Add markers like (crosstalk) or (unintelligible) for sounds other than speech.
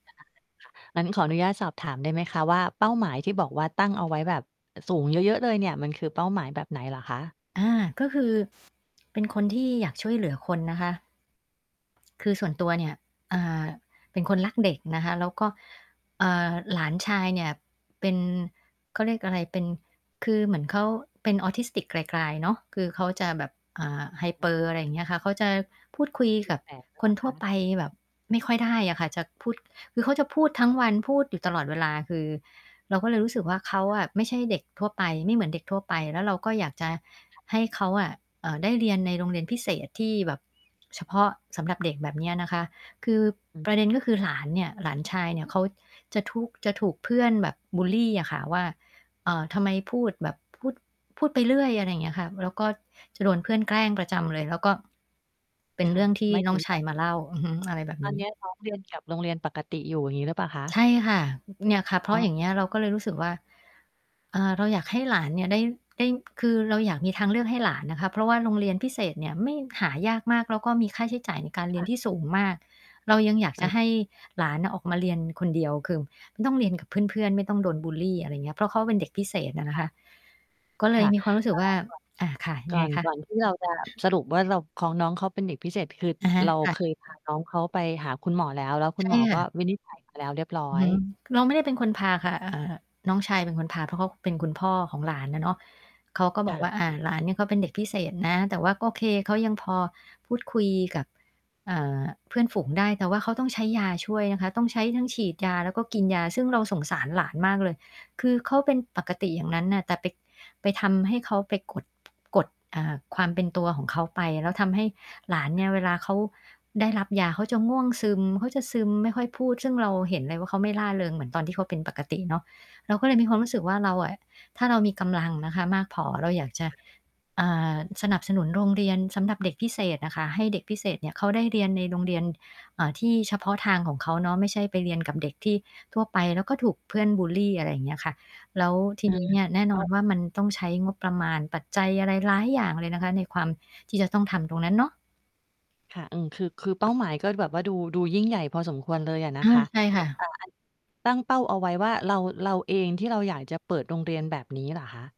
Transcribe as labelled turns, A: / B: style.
A: ได้ค่ะ งั้นขออนุญาตสอบถามได้ไหมคะว่า เป้าหมายที่บอกว่าตั้งเอาไว้แบบสูงเยอะ ๆ เลยเนี่ย มันคือเป้าหมายแบบไหนเหรอคะ?
B: อา ก็คือ เป็นคนที่อยากช่วยเหลือคนนะคะ คือส่วนตัวเนี่ย เอ่อ เป็นคนรักเด็กนะคะ แล้วก็ เอ่อ หลานชายเนี่ย เป็น เขาเรียกอะไร เป็น คือเหมือนเขาเป็น Autistic กลาย ๆ เนาะ คือเขาจะแบบ อ่า
A: (unintelligible)
B: Hyper อะไรอย่างเงี้ยค่ะ เขาจะพูดคุ
A: ส
B: ย
A: ต
B: ก
A: ิ
B: ับ
A: แตกหรือ
B: ค
A: เปล
B: น
A: ่า
B: ทั
A: ค
B: ่
A: ะ?
B: วไปแบบไม่ค่อยได้อะค่ะ จะพูด คือเขาจะพูดทั้งวัน พูดอยู่ตลอดเวลา คือ เราก็เลยรู้สึกว่า เขา
A: ค่
B: อ
A: ะ
B: ะไม่ใช่เด็กทั่วไป ไม่เหมือนเด็กทั่วไป แล้วเราก็อยากจะ
A: ค่ะ
B: ให้เขาอะ เอ่อ ได้เรียนในโรงเรียนพิเศษ ที่แบบ เฉพาะสำหรับเด็กแบบเนี้ยนะคะ คือ
A: อืม
B: ประเด็นก็คือหลานเนี่ย หลานชายเนี่ย เขาจะทุก จะถูกเพื่อนแบบบุลลีอะค่ะว่า เอ่อ "ทำไมพูดแบบ พูด พูดไปเรื่อย" อะไรอย่างเงี้ยค่ะ แล้วก็จะโดนเพื่อนแกล้งประจำเลย แล้วก็เป็
A: ค
B: นเ
A: ่
B: รื
A: ะ
B: ่องที่
A: หมาย
B: น้
A: ถึ
B: อง
A: ง
B: ช
A: ว
B: า
A: ่
B: ย
A: า
B: มาเล่า อือฮึ อะไรแบบ
A: ต
B: น
A: อน
B: ี
A: เ
B: ้
A: นี้ย น้อง เรียนกับโรงเรียนปกติอยู่ อย่างงี้หรือเปล่าคะ?
B: ใช่ค่ะ อ เนี่ยค่ะ เพรา
A: อ๋
B: ะ
A: อ
B: อย่างเงี้ย เราก็เลยรู้สึกว่า อ่า เราอยากให้หลานเนี่ยได้ ได้ คือเราอยากมีทางเลือกให้หลานนะคะ เพราะว่าโรงเรียนพิเศษเนี่ย ไม่ หายากมาก แล้วก็มีค่าใช้จ่ายในการเรี
A: ค
B: ย
A: ่
B: น
A: ะ
B: ที่สูงมาก เรายังอยากจ
A: อ
B: ะ
A: า
B: ให้หลานอะออกมาเรียนคนเดียว คือไม่ต้องเรียนกับเพื่อน ๆ ไม่ต้องโดนบุลลี อะไรเงี้ย เพราะเขาเป็นเด็กพิเศษอะ
A: ค
B: นะ
A: ่
B: คะ
A: ะ
B: ก็เล
A: ค
B: ย
A: ่ะ
B: มีความรู้สึกว่า อา ค่ะ
A: เ
B: ยั
A: อ่อ ก
B: ง
A: ่อ
B: ไง
A: น
B: คะ?
A: ก่อน ก่อนที่เราจะสรุปว่า เรา ของน้องเขาเป็นเด็กพิเศษ คือ
B: อะฮะ
A: เรา
B: ค่ะ
A: เคยพา น้องเขาไปหาคุณหมอแล้ว แล้วคุ
B: ใช
A: ณ
B: ่
A: หมอ
B: ค
A: ก
B: ่
A: ็
B: ะ
A: วินิจฉัย มาแล้วเรียบร้อ
B: อือฮ
A: ย
B: ึ เราไม่ได้เป็นคนพาค่ะ เอ่อ น้องชายเป็นคนพา เพราะเขาเป็นคุณพ่อของหลานอะเนาะ เขาก็บ
A: ค
B: อ
A: ่
B: กว่
A: ะ
B: า อา หลานเนี่ย เขาเป็นเด็กพิเศษนะ แต่ว่าก็โอเค เขายังพอพูดคุยกับ เอ่อ เพื่อนฝูงได้ แต่ว่าเขาต้องใช้ยาช่วยนะคะ ต้องใช้ทั้งฉีดยา แล้วก็กินยา ซึ่งเราสงสารหลานมากเลย คือเขาเป็นปกติอย่างนั้นน่ะ แต่ไป ไปทำให้เขา ไปกด กด อ่า ความเป็นตัวของเขาไป แล้วทำให้หลานเ
A: ค
B: นี
A: ่ะ
B: ่ย เวลาเขาได้รับยาเขาจะง่วงซึม เขาจะซึมไม่ค่อยพูด ซึ่งเราเห็นเลยว่า เขาไม่ร่าเริงเหมือนตอนที่เขาเป็นปกติเนาะ เราก็เลยมีความรู้สึกว่า เราอะ ถ้าเรามีกำลังนะคะมากพอ เราอยากจะ
A: ค่ะ
B: อ่า สนับสนุนโรงเรียนสำหรับเด็กพิเศษอะค่ะ ให้เด็กพิเศษเนี่ยเขาได้เรียนในโรงเรียน เอ่อ ที่เฉพาะทางของเขาเนาะ ไม่ใช่ไปเรียนกับเด็กที่ ทั่วไป แล้วก็ถูกเพื่อนบุลลี อะไรอย่างเงี้ยค่ะ แล้วที
A: อื
B: นี้
A: ม
B: เนี่ย แน่
A: แ
B: น
A: ล้
B: อน
A: ว
B: ว่ามันต้องใช้งบประมาณ ปัจจัยอะไรหลายอย่างเลยนะคะ ในความที่จะต้องทำตรงนั้นเนาะ
A: ค่ะ อือ คือ คือเป้าหมายก็แบบว่า ดู ดูยิ่งใหญ่พอสมควรเลยอะนะ
B: อา
A: คะ
B: ใช่ค่
A: อ
B: ะ
A: ่า อัน ตั้งเป้าเอาไว้ว่า เรา เราเองที่เราอยากจะเปิดโรงเรียนแบบนี้เหรอคะ?